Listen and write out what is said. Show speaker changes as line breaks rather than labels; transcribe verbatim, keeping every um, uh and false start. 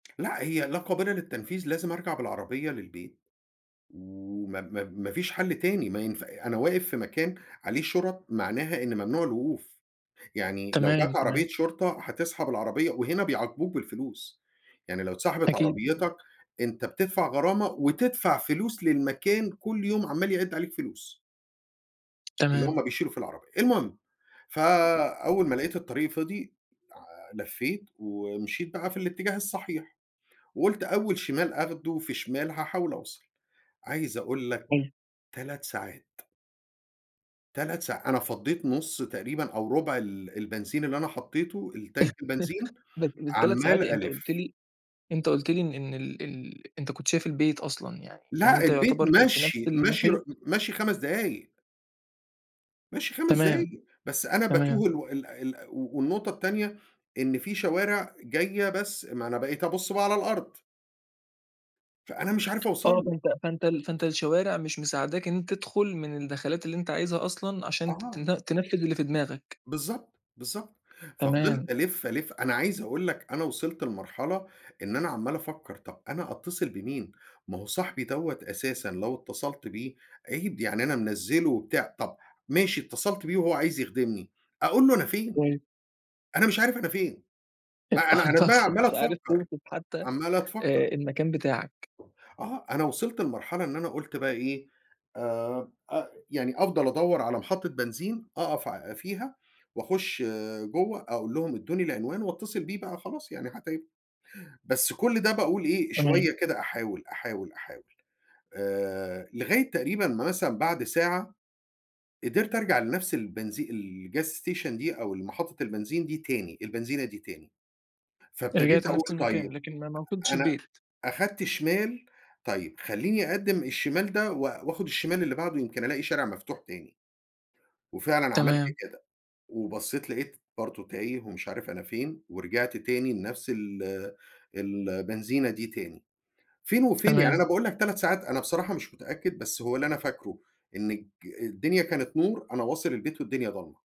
لأ هي لا قابلة للتنفيذ، لازم أرجع بالعربية للبيت. وما ما ما فيش حل تاني ما ينفع أنا واقف في مكان عليه شُرَط معناها إن ممنوع الوقوف، يعني لو
تمام،
جات
تمام.
عربية شرطة هتسحب العربية وهنا بيعاقبوك بالفلوس، يعني لو اتسحبت
أكيد، أكيد.
عربيتك أنت بتدفع غرامة وتدفع فلوس للمكان كل يوم عمّال يعِد عليك فلوس. اللي
تمام.
هُم بيشيلوا في العربية. المهم فأول ما لقيت الطريق فِضي لع لفّيت ومشيت بقى في الاتجاه الصحيح، وقُلت أول شمال آخده في شمال، هاحاول أوصل. عايز أقول لك
[unintelligible]
تلت ساعات. تلت ساع أنا فَضّيت نص تقريبًا أو ربع ال البنزين اللي أنا حطيته الTank البنزين،
[unintelligible] تلت ساعات
عمّال
إيه، أنت قُلت
ألِف.
لي أنت قُلت لي إن ال ال أنت كنت شايف البيت أصلًا يعني، يعني
لأ،
أنت
البيت
يعتبر في في نفْس
مَشْي، مَشْي رُ م
المحيط.
مَشْي خمس دقايق. مَشْي خمس
تمام،
دقايق، بس أنا باتوه
تمام.
الو ال ال و والنقطة التانية إن في شوارع جاية بس ما أنا بقيت أبُص بقى على الأرض. فأنا مش عارف أوصل
آه،
له.
فأنت فأنت ال فأنت الشوارع مش مساعداك إن أنت تدخل من الدخلات اللي أنت عايزها أصلًا، عشان
آه.
تتن تنفذ اللي في دماغك.
بالضبط، بالضبط.
تمام.
ففضِلت ألِف، ألِف، أنا عايز أقول لك أنا وصلت لمرحلة إن أنا عماّل أفَكّر طَب أنا أتّصل بمين، ما هو صاحبي دوّة أساسًا لو اتصلت بيه، عيب، يعني أنا منزّله وبتاع، طَب ماشي اتصلت بيه وهو عايز يخدمني، أقول له أنا فين؟
[unintelligible]
أنا مش عارف أنا فين،
أنت
ما أنا أنا
أنت
دماغي
أصلًا
عمّالة
مش عارف
تفكّر،
توصف حتى،
عمّالة تفكّر.
آآ المكان بتاعك.
آه، أنا وصلت لمرحلة إن أنا قُلت بقى إيه، آآ أ يعني أفضل أدَوّر على محطة بنزين أقف ع فيها وأخُش جوّه أقول لهم ادّوني العنوان واتّصل بيه بقى وخلاص، يعني حتى ي بس كل ده باقول إيه،
تمام.
شوية كده أحاول، أحاول، أحاول آآ، لغاية تقريبًا مثلًا بعد ساعة قدرت أرجع لنفْس البنزي الgas station دي أو محطة البنزين دي تاني، البنزينة دي تاني، فابتديت
رجعت لنفس
أقول طيّب
المكان، لكن ما ما وصلتش
أنا
البيت.
أخدت شمال، طيّب خلّيني أقدّم الشمال ده و وآخُد الشمال اللي بعده يمكن ألاقي شارع مفتوح تاني. وفعلًا عملت
تمام.
كده، وبصيت لقيت برضه تايه ومش عارف أنا فين ورجعت تاني لنفْس ال البنزينة دي تاني. فين وفين يعني أنا
تمام.
باقول لك تلت ساعات، أنا بصراحة مش متأكد، بس هو اللي أنا فاكره إن الج الدنيا كانت نور، أنا واصل البيت والدنيا ضلمة.